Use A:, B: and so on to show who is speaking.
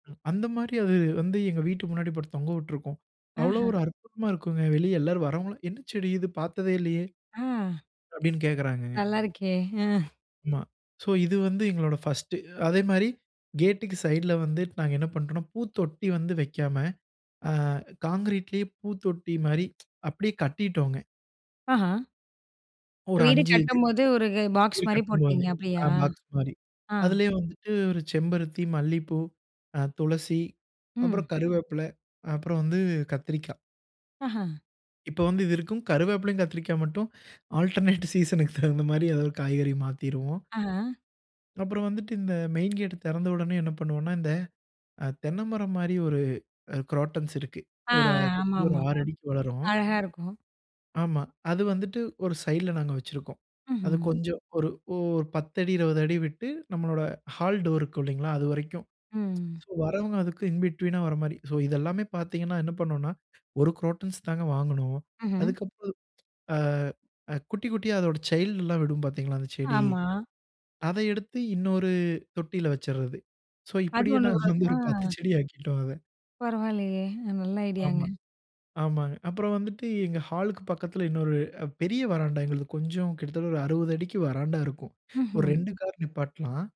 A: ம். அந்த மாரி அது வந்து எங்க வீட்டு முன்னாடி போட்டு தொங்க விட்டுருக்கும்.
B: ஆஹ.
A: அவ்வளோ ஒரு அற்புதமா இருக்கும்ங்க. வெளிய எல்லாரும் வர்றவங்கல்லாம், "என்ன செடி இது? பார்த்ததே இல்லையே."
B: அ.
A: அப்படின்னு கேட்கறாங்கங்க.
B: நல்லா இருக்கே. அ.
A: ஆமா. சோ இது வந்து எங்களோட ஃபர்ஸ்ட்டு. அதே மாரி கேட்டுக்கு சைட்ல வந்து நாங்க என்ன பண்றோம்ன்னா, பூத்தொட்டி வந்து வைக்காம, அ கான்கிரீட்லேயே பூத்தொட்டி மாரி அப்படியே கட்டிட்டோங்க.
B: அஹா. இப்ப
A: ஒரு
B: வீடு
A: 5 இது.
B: கட்டும்போது ஒரு பாக்ஸ்
A: வீடு
B: மாரி
A: கட்டும்போதே.
B: போட்டீங்க
A: ஆ
B: அப்படியா?
A: பாக்ஸ் மாரி.
B: ஆ.
A: அதுலேயே வந்துட்டு ஒரு செம்பருத்தி, மல்லிப்பூ, அ துளசி,
B: ம்.
A: அப்புறம் கருவேப்பில, அப்புறம் வந்து கத்திரிக்கா.
B: அஹா.
A: இப்போ வந்து இது இருக்கும். கருவேப்பிலையும், கத்திரிக்காய் மட்டும் ஆல்டர்னேட் சீசன்க்கு தகுந்த மாரி ஏதாவது காய்கறி மாத்திருவோம்.
B: அஹ.
A: அப்புறம் வந்துட்டு இந்த மெயின் கேட் திறந்த உடனே என்ன பண்ணுவோம்ன்னா, இந்த அ தென்ன மரம் மாரி ஒரு அ குரோட்டன்ஸ் இருக்கு.
B: ஆ.
A: ஒரு அ
B: அ ஆமா,
A: சுத்தி ஒரு
B: ஆமா,
A: 6
B: ஆமா.
A: அடிக்கு வளரும்.
B: அழகா இருக்கும்.
A: ஆமா. அது வந்துட்டு ஒரு சைடுல நாங்க வச்சிருக்கோம். அது
B: ம்ஹ்ம்.
A: கொஞ்சம் ஒரு ஓரு 10 அடி, 20 அடி விட்டு, நம்மளோட ஹால் டோர் இருக்கும் இல்லைங்களா, அது வரைக்கும்.
B: ம்.
A: சோ வர்றவங்க அதுக்கு இன் பிட்வீன்னா வர மாரி. சோ இது எல்லாமே பார்த்தீங்கன்னா, என்ன பண்ணுவோம்ன்னா ஒரு குரோட்டன்ஸ் தாங்க வாங்குனோம்.
B: ம்ஹ்ம்.
A: அதுக்கப்பறம் அ அ குட்டி குட்டியா அதோட சைல்ட்லாம் விடும் பார்த்தீங்களா, அந்த செடி.
B: ஆமா.
A: அத எடுத்து இன்னொரு தொட்டியில வச்சுர்றது. சோ
B: அது
A: இப்படியே
B: ஒண்ணு
A: நாங்க
B: [unintelligible]
A: வந்து
B: ஆ.
A: ஒரு 10 செடி ஆக்கிட்டோம் அத.
B: பரவால்லையே, நல்ல ஐடியாங்க.
A: ஆமா, ஆமாங்க. அப்புறம் வந்துட்டு எங்க ஹாலுக்கு பக்கத்துல இன்னொரு பெரிய வராண்டா எங்களது, கொஞ்சம் கிட்டத்தட்ட ஒரு 60 அடிக்கு வராண்டா இருக்கும். ஒரு
B: ம்ஹ்ம்.
A: 2 கார் நிப்பாட்டலாம்.